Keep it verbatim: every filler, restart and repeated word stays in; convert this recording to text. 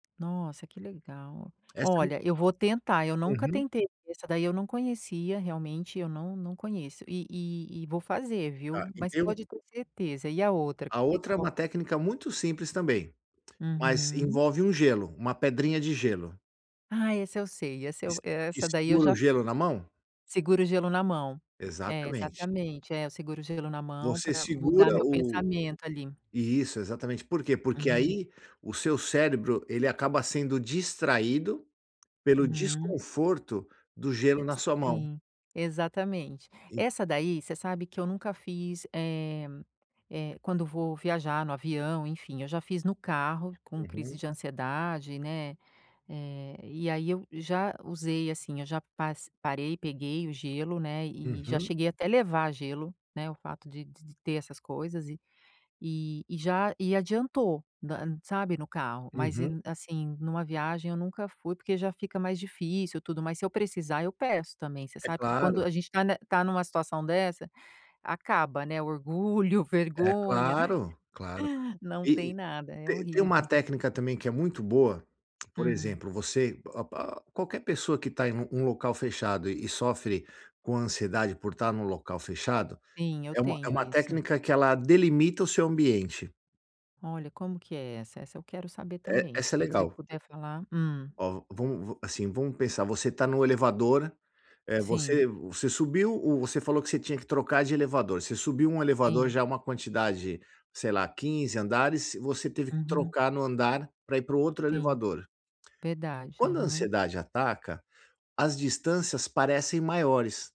Nossa, que legal! Essa é o Olha, eu vou tentar. Eu nunca uhum. tentei essa daí eu não conhecia, realmente eu não não conheço. E e e vou fazer, Tá. viu? E Mas tem um pode ter certeza. E a outra, a que outra é qual uma técnica muito simples também. Mas Uhum. envolve um gelo, uma pedrinha de gelo. Ah, esse eu sei. Essa Que eu se e que essa daí eu segura já o gelo fiz. na mão? Segura o gelo na mão. É, Exatamente. exatamente, é, eu seguro o gelo na mão Você pra mudar segura meu o pensamento ali. isso, exatamente. Por quê? Porque Uhum. aí o seu cérebro, ele acaba sendo distraído pelo Uhum. desconforto do gelo Eh, na sua mão. sim. Exatamente. E Essa daí, você sabe que eu nunca fiz, eh eh quando vou viajar no avião, enfim, eu já fiz no carro com crise uhum. de ansiedade, né, eh e aí eu já usei assim, já pas parei, peguei o gelo, né, e já Uhum. cheguei até levar gelo, né, o fato de de ter essas coisas e e e já e adiantou, na, e, sabe, no carro. Mas e Uhum. assim, numa viagem eu nunca fui porque já fica mais difícil e tudo, mas se eu precisar eu peço também, você É sabe que claro. quando a gente tá ne tá numa situação dessa, acaba, né, orgulho, É vergonha, claro, claro. não E tem e nada. É te tem uma horrível. técnica também que é muito boa, por Hum. exemplo, você, a pa pa qualquer pessoa que tá em um um local fechado e e sofre com ansiedade por estar num local fechado, Sim, eu é uma é tenho uma isso. técnica que ela delimita o seu ambiente. Olha, como que é essa? Essa eu quero saber E também. Se essa é você legal. puder falar, hum. Ó, va vamos assim vamos pensar, você tá num elevador, eh, você Sim. você subiu ou você falou que você tinha que trocar de elevador. Você subiu um elevador, Sim. já uma quantidade, sei lá, quinze andares, você teve que Uhum. trocar no andar pra ir para o outro Sim. elevador. Verdade, Quando a aham. ansiedade ataca, as distâncias parecem maiores.